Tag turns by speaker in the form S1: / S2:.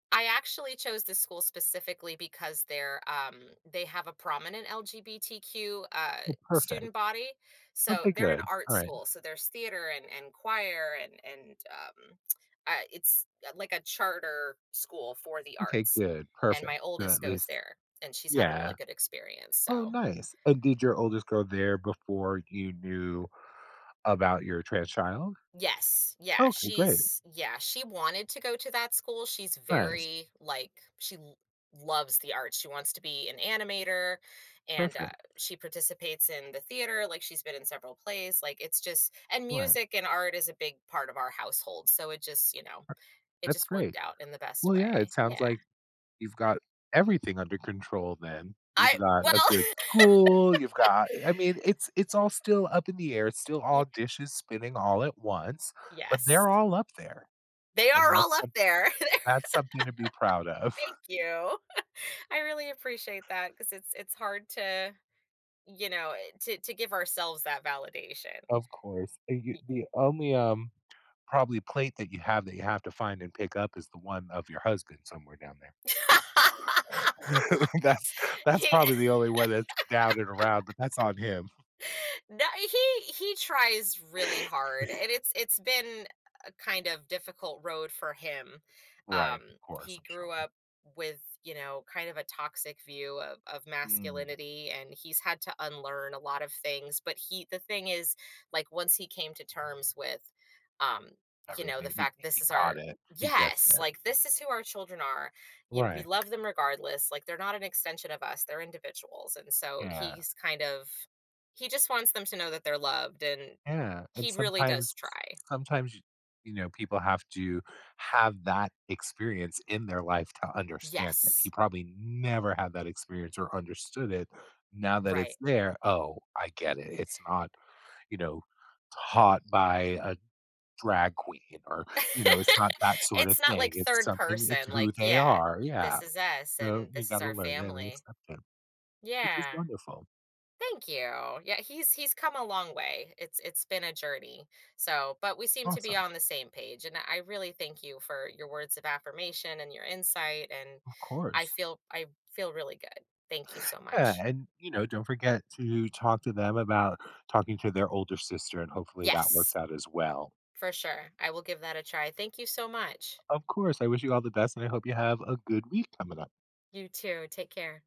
S1: I actually chose this school specifically because they're, um they have a prominent LGBTQ, uh,
S2: Well, perfect.
S1: student body, so,
S2: Okay,
S1: they're an
S2: good,
S1: art
S2: alright.
S1: school, so there's theater and and choir and and, um, uh, it's uh, like a charter school for the
S2: Okay,
S1: arts,
S2: good,
S1: and
S2: perfect,
S1: my
S2: good
S1: oldest
S2: at
S1: goes
S2: least
S1: there and she's had a really
S2: Yeah.
S1: good experience,
S2: Oh,
S1: so
S2: nice, and did your oldest go there before you knew about your trans child?
S1: Yes, yeah,
S2: Okay, great.
S1: she's yeah, she wanted to go to that school, she's
S2: Nice.
S1: very, like she l loves the art, she wants to be an animator and, uh,
S2: Perfect.
S1: she participates in the theater, like she's been in several plays, like it's just and
S2: Right.
S1: music and art is a big part of our household, so it just, you know, it
S2: That's
S1: just
S2: great.
S1: worked out in the best
S2: Well, yeah, it
S1: way,
S2: sounds
S1: yeah.
S2: like, you've got everything under control then. You've
S1: I
S2: got a
S1: well
S2: good school, you've got I mean, it's it's all still up in the air, it's still
S1: Yeah.
S2: all dishes spinning all at once, but
S1: Yes.
S2: they're all up there
S1: They
S2: and
S1: are
S2: that's
S1: all up
S2: some
S1: there.
S2: that's something to be proud of.
S1: Thank you, I really appreciate that 'cause it's it's hard to, you know, eh, to to give ourselves that validation.
S2: Of course, and you
S1: Ee
S2: the only, um, probably plate that you have that you have to find and pick up is the one of your husband somewhere down there. That's that's
S1: He
S2: probably the only one that's down and around, but that's on him.
S1: That he he tries really hard and it's it's been a kind of difficult road for him, um,
S2: Right, of course,
S1: he
S2: I'm
S1: grew
S2: sure.
S1: up with, you know, kind of a toxic view of of
S2: Mm.
S1: masculinity and he's had to unlearn a lot of things but he the thing is, like once he came to terms with, um, you know, the
S2: Everything, he
S1: fact this
S2: he
S1: is our
S2: got it. He gets
S1: Yes,
S2: it.
S1: like, "This is who our children are, you we
S2: Right.
S1: love them regardless, like they're not an extension of us, they're individuals," and so
S2: Yeah.
S1: he's kind of he just wants them to know that they're loved and
S2: Yeah, and
S1: he really does
S2: sometimes
S1: try.
S2: sometimes, you you know, people have to have that experience in their life to understand that
S1: Yes.
S2: he probably never had that experience or understood it, now that
S1: Right.
S2: it's there, "Oh, I get it." It's not, you know, taught by a drag queen or, you know, it's not that sorta
S1: It's not
S2: thing,
S1: like
S2: it's
S1: third
S2: something it's
S1: person,
S2: who
S1: like,
S2: they
S1: yeah,
S2: are, yeah.
S1: this is us,
S2: So,
S1: and
S2: you
S1: this is
S2: gotta
S1: our
S2: learn that and
S1: family.
S2: accept it, which was
S1: Yeah.
S2: wonderful.
S1: Thank you, yeah, he's he's come a long way, it's it's been a journey, so, but we seem to be
S2: Awesome.
S1: on the same page and that I really thank you for your words of affirmation and your insight and
S2: Of
S1: I
S2: course.
S1: feel I feel really good. Thank you so
S2: Yeah,
S1: much.
S2: and, you know, don't forget to talk to them about talking to their older sister and hopefully that works
S1: Yes.
S2: out as well.
S1: For sure, I will give that a try, thank you so much.
S2: Of course. I wish you all the best and I hope you have a good week coming up.
S1: You too. Take care.